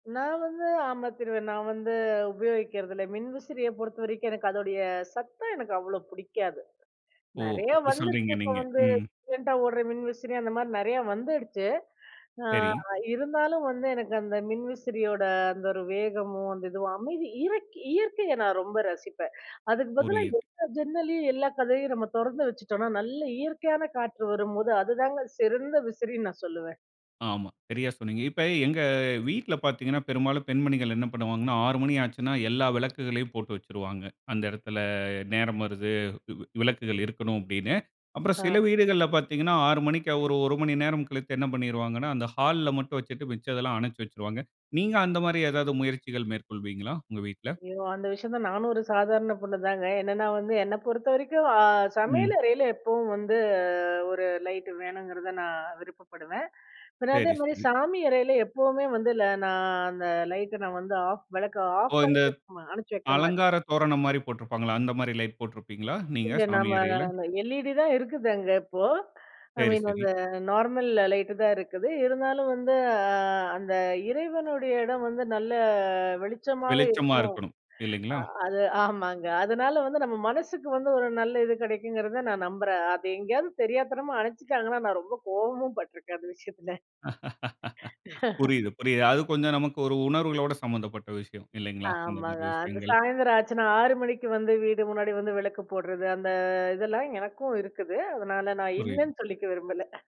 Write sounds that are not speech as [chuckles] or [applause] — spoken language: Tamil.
நான் வந்து, ஆமா திருவ நான் வந்து உபயோகிக்கிறது இல்ல. மின்விசிறிய பொறுத்த வரைக்கும் எனக்கு அதோடைய சத்தம் எனக்கு அவ்வளோ புடிக்காது. ஓ! நெறையா அப்டி [chuckles] வந்துருச்சு சொல்றீங்க இப்ப நீங்க. வந்து ம். சயலன்ட்டா ஓடுற மின்விசிறி அந்த மாரி நறையா வந்துடுச்சு. அ சரி. இருந்தாலும் வந்து, எனக்கு அந்த மின்விசிறியோட அந்த ஒரு வேகமோ, அந்த இதுவும், அமைதி, இருக் இயற்கையை நான் ரொம்ப ரசிப்பேன். அதுக்கு பதிலா புரியுது. எல்லா ஜன்னலையும், எல்லா கதவயும் நம்ம தொறந்து வச்சிட்டோன்னா, நல்ல இயற்கையான காற்று வரும்போது அதுதாங்க சிறந்த விசிறின்னு நான் சொல்லுவேன். ஆமா. சரியா சொன்னீங்க. இப்ப எங்க வீட்ல பாத்தீங்கணா, பெரும்பாலும் பெண்மணிகள் என்ன பண்ணுவாங்கணா, 6 மணி ஆச்சுன்னா, எல்லா விளக்குகளையும் போட்டு வச்சுருவாங்க. அந்த எடத்துல நேரம் வருது, விளக்குகள் இருக்கணும் அப்டின்னு. அப்புறம் ஆ. சில வீடுகள்ல பாத்தீங்கணா 6 மணிக்கு ஒரு 1 மணி நேரம் கழித்து என்ன பண்ணிருவாங்கணா, அந்த ஹால்ல மட்டும் வச்சுட்டு, மிச்சதெல்லாம் அணைச்சு வச்சுருவாங்க. நீங்க அந்த மாரி ஏதாவது முயற்சிகள் மேற்கொள்வீங்களா? உங்க வீட்ல! ஐயோ! அந்த விஷயம் தான் நானும் ஒரு சாதாரண பொண்ணு தாங்க. என்னென்னா வந்து, என்னை பொறுத்த வரைக்கும் அ சமையல் ம். அறையில எப்பவும் வந்து ஒரு லைட் வேணுங்கிறத நான் விருப்பப்படுவேன். பின்ன சரி, அதேமாரி சரி. சாமி அறையில எப்பவுமே வந்து ல நான் அந்த லைட்ட நான் வந்து ஆஃப் விளக்க ஓ! ஆஃப் பண்ணி இந்த வெக்க மா அணைச்சு வைக்க மாட்டேன். அலங்காரத் தோரணம் மாரி போட்ருப்பாங்களா? அந்த மாரி லைட் போட்ருப்பீங்களா? நீங்க இந்த சாமி அறையில. நம்ம எல்இடி தான் இருக்குது அங்க இப்போ. ஐ சரி, மீன் சரி. அந்த நார்மல் லைட் தான் இருக்குது. இருந்தாலும் வந்து, ஆ அந்த இறைவனுடைய இடம் வந்து, நல்ல வெளிச்சமாக வெளிச்சமா இருக்கணும். இல்லைங்களா? இருக்கணும்! அது ஆமாங்க. அதுனால வந்து, நம்ம மனசுக்கு வந்து ஒரு நல்ல இது கிடைக்குங்கிறத நான் நம்புறேன். அத எங்கேயாவது தெரியாத்தனமா, அணைச்சிட்டாங்கன்னா, நான் ரொம்ப கோவமும் பட்டுருக்கேன் [chuckles] அந்த விஷயத்துல. [laughs] [laughs] புரியுது, புரியுது. அது கொஞ்சம் நமக்கு ஒரு உணர்வுகளோட சம்மந்தப்பட்ட விஷயம். இல்லைங்களா? இந்த ஆமாங்க. மாரி அந்த விஷயங்கள்! சாயந்தரம் ஆச்சுனா, 6 மணிக்கு வந்து, வீடு முன்னாடி வந்து விளக்கு போடுறது அந்த இதெல்லாம் எனக்கும் இருக்குது, அதனால நான் புரியுது. இல்லன்னு சொல்லிக்க விரும்பல.